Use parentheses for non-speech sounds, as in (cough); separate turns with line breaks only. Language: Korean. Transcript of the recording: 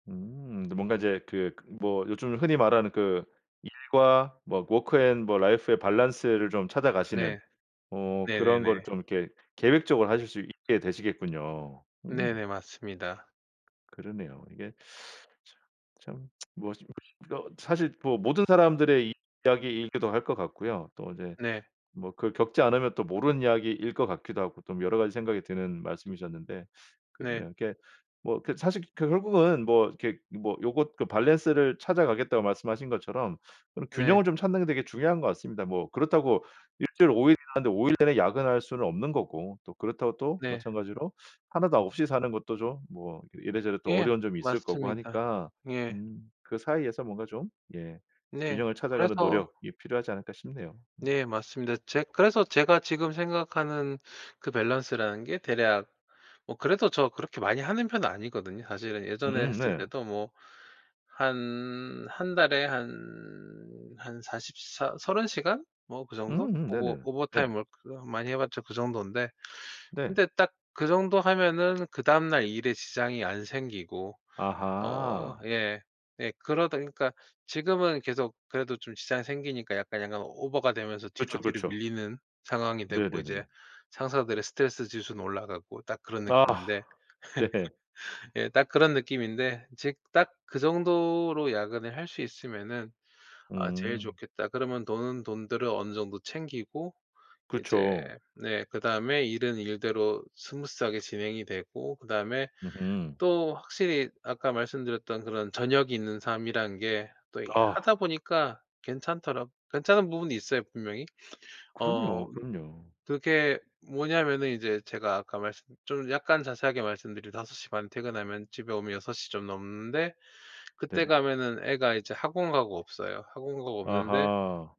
음 뭔가 이제 그 뭐 요즘 흔히 말하는 그 일과 뭐 워크 앤 뭐 라이프의 밸런스를 좀 찾아가시는
네.
어 그런
네네네.
거를 좀 이렇게 계획적으로 하실 수 있게 되시겠군요. 음.
네네 맞습니다.
그러네요. 이게 참, 참 (tsk) 뭐 어 (unintelligible) 이거 사실 뭐 모든 사람들의 이 이야기이기도 할 것 같고요. 또 이제
네.
뭐 그 겪지 않으면 또 모르는 이야기일 것 같기도 하고 좀 여러 가지 생각이 드는 말씀이셨는데
네.
그러네요. 이게 뭐 그 사실 그 결국은 뭐 이렇게 뭐 요거 그 밸런스를 찾아가겠다고 말씀하신 것처럼 그런
네.
균형을 좀 찾는 게 되게 중요한 것 같습니다. 뭐 그렇다고 1 주일 5 일 일하는데 5 일 내내 야근할 수는 없는 거고 또 그렇다고 또
네.
마찬가지로 1 도 없이 사는 것도 좀 뭐 이래저래 또
예
어려운 점이 있을 거고
맞습니다.
하니까
예.
음 그 사이에서 뭔가 좀 예
네.
균형을 찾아가는
그래서
노력이 필요하지 않을까 싶네요. 음.
네 맞습니다. 제 그래서 제가 지금 생각하는 그 밸런스라는 게 대략 뭐 그래도 저 그렇게 많이 하는 편은 아니거든요. 사실은 예전에
음
했을
네.
때도 뭐 한 1 달에 한 한 사십사 30 시간? 뭐 그 정도?
음음
오버
네네네. 예.
오버타임 워크 많이 해 봤자 그 정돈데.
네.
근데 딱 그 정도 하면은 그다음 날 일에 지장이 안 생기고 어
아하.
예. 예. 그러다 그러니까 지금은 계속 그래도 좀 지장이 생기니까 약간, 약간 오버가 되면서
그쵸,
뒤로, 뒤로
그쵸.
밀리는 상황이 됐고
네네네네.
이제 상사들의 스트레스 지수는 올라가고 딱 그런
아
느낌인데
네.
(laughs) 예 딱 그런 느낌인데 즉 '딱 그 정도로 야근을 할 수 있으면은 아 제일
음.
좋겠다.' 그러면 돈은 돈대로 어느 정도 챙기고 이제
그쵸.
네 그다음에 일은 일대로 스무스하게 진행이 되고 그다음에
으흠.
또 확실히 아까 말씀드렸던 그런 저녁이 있는 삶이란 게 또 이
아.
하다 보니까 괜찮더라 괜찮은 부분이 있어요 분명히. 어
그럼요, 그럼요.
그게 뭐냐면은 이제 제가 아까 말씀 좀 약간 자세하게 말씀드리 5:30 에 퇴근하면 집에 오면 6:00 시 좀 넘는데 그때
네네.
가면은 애가 이제 학원 가고 없어요. 학원 가고 없는데
아하.